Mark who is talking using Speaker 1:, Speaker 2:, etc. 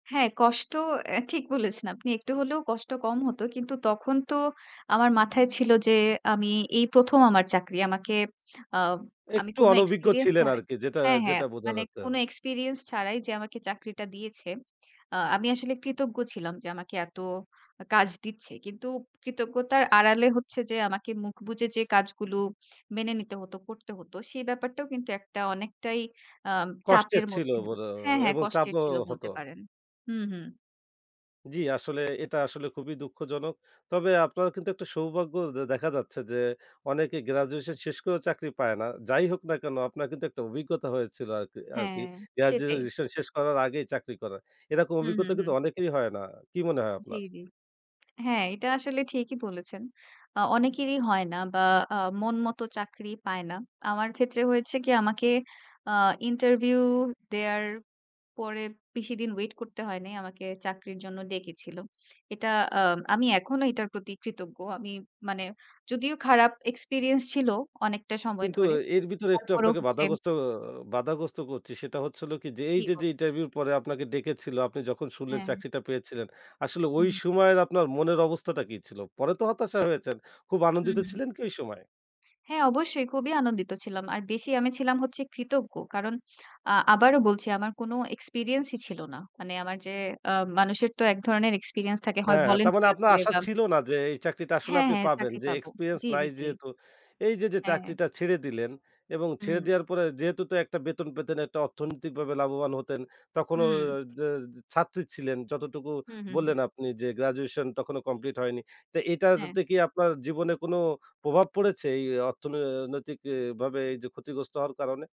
Speaker 1: হ্যাঁ, কষ্ট অ্যা ঠিক বলেছেন আপনি। একটু হলেও কষ্ট কম হত। কিন্তু তখন তো আমার মাথায় ছিল যে আমি এই ১ম আমার চাকরি। আমাকে অ আমি
Speaker 2: একটু
Speaker 1: কোনো
Speaker 2: অনভিজ্ঞ
Speaker 1: এক্সপেরিয়েন্স
Speaker 2: ছিলেন
Speaker 1: ছাড়া
Speaker 2: আরকি। যেটা,
Speaker 1: হ্যাঁ, হ্যাঁ
Speaker 2: যেটা বোঝা
Speaker 1: মানে
Speaker 2: যাচ্ছে।
Speaker 1: কোনো এক্সপেরিয়েন্স ছাড়াই যে আমাকে চাকরিটা দিয়েছে। অ আমি আসলে কৃতজ্ঞ ছিলাম যে আমাকে এত আ কাজ দিচ্ছে। কিন্তু কৃতজ্ঞতার আড়ালে হচ্ছে যে আমাকে মুখ বুজে যে কাজগুলো মেনে নিতে হতো, করতে হতো। সেই ব্যাপারটাও কিন্তু একটা অনেকটাই আ
Speaker 2: কষ্টের
Speaker 1: চাপের
Speaker 2: ছিল
Speaker 1: মধ্যে
Speaker 2: বড়ো
Speaker 1: হ্যাঁ, হ্যাঁ
Speaker 2: এবং
Speaker 1: কষ্টের
Speaker 2: চাপও
Speaker 1: ছিল
Speaker 2: হত।
Speaker 1: বলতে পারেন। হুম, হুম।
Speaker 2: জি, আসলে এটা আসলে খুবই দুঃখজনক। তবে আপনার কিন্তু একটা সৌভাগ্য দে দেখা যাচ্ছে যে অনেকে গ্র্যাজুয়েশন শেষ করেও চাকরি পায় না। যাই হোক না কেনো আপনার কিন্তু একটা অভিজ্ঞতা হয়েছিল আরকি আরকি।
Speaker 1: হ্যাঁ, সেটাই।
Speaker 2: গ্র্যাজুয়েশন শেষ করার আগেই চাকরি করা। এরকম
Speaker 1: হু, হু,
Speaker 2: অভিজ্ঞতা কিন্তু
Speaker 1: হু।
Speaker 2: অনেকেরই হয় না। কি মনে হয়
Speaker 1: জি,
Speaker 2: আপনার?
Speaker 1: জি। হ্যাঁ, এইটা আসলে ঠিকই বলেছেন। আ অনেকেরই হয় না বা আ মন মতো চাকরি পায় না। আমার ক্ষেত্রে হয়েছে কি? আমাকে আ ইন্টারভিউ দেয়ার পরে বেশিদিন ওয়েট করতে হয় নাই, আমাকে চাকরির জন্য ডেকেছিল। এটা আ আমি এখনো এইটার প্রতি কৃতজ্ঞ। আমি মানে যদিও খারাপ এক্সপেরিয়েন্স ছিল অনেকটা সময়
Speaker 2: কিন্তু
Speaker 1: ধরে।
Speaker 2: এর ভিতরে একটু
Speaker 1: তারপরও
Speaker 2: আপনাকে
Speaker 1: হচ্ছে
Speaker 2: বাধাগ্রস্ত বাধাগ্রস্ত করছি। সেটা হচ্ছে হলো কি? যে
Speaker 1: জি,
Speaker 2: এইযে
Speaker 1: বলু
Speaker 2: যে ইন্টারভিউ পরে আপনাকে ডেকেছিল। আপনি যখন শুনলেন
Speaker 1: হ্যাঁ।
Speaker 2: চাকরিটা পেয়েছিলেন। আসলে
Speaker 1: হু,
Speaker 2: ওই
Speaker 1: হু।
Speaker 2: সময়ের আপনার মনের অবস্থাটা কি ছিল? পরে তো হতাশা হয়েছেন। খুব
Speaker 1: হু,
Speaker 2: আনন্দিত
Speaker 1: হু, হু।
Speaker 2: ছিলেন কি ঐ সময়ে?
Speaker 1: হ্যাঁ, অবশ্যই খুবই আনন্দিত ছিলাম। আর বেশি আমি ছিলাম হচ্ছে কৃতজ্ঞ। কারণ আ আবারও বলছি আমার কোনো এক্সপেরিয়েন্সই ছিল না। মানে আমার যে অ মানুষের তো ১ ধরনের এক্সপেরিয়েন্স থাকে। হয়
Speaker 2: হ্যাঁ, হ্যাঁ। তারমানে
Speaker 1: volunteer
Speaker 2: আপনার
Speaker 1: করে
Speaker 2: আশা
Speaker 1: বা
Speaker 2: ছিল না যে এই চাকরিটা আসলে
Speaker 1: হ্যাঁ,
Speaker 2: আপনি
Speaker 1: হ্যাঁ।
Speaker 2: পাবেন।
Speaker 1: চাকরি
Speaker 2: যে
Speaker 1: পাব।
Speaker 2: এক্সপেরিয়েন্স
Speaker 1: জি, জি,
Speaker 2: নাই
Speaker 1: জি।
Speaker 2: যেহেতু। এইযে যে
Speaker 1: হ্যাঁ।
Speaker 2: চাকরিটা ছেড়ে দিলেন এবং ছেড়ে
Speaker 1: হুম।
Speaker 2: দেওয়ার পরে যেহেতু তো একটা বেতন পেতেন, একটা অর্থনৈতিকভাবে লাভবান হতেন। তখনো ও
Speaker 1: হুম।
Speaker 2: যে য ছাত্রী ছিলেন। যতটুকু
Speaker 1: হু, হু, হু।
Speaker 2: বললেন আপনি যে গ্র্যাজুয়েশন তখনো কমপ্লিট হয়নি। তা
Speaker 1: হ্যাঁ।
Speaker 2: এইটাতে কি আপনার জীবনে কোনো প্রভাব পড়েছে? এই অর্থনৈ নৈতিক ই ভাবে এই যে ক্ষতিগ্রস্ত হওয়ার কারণে?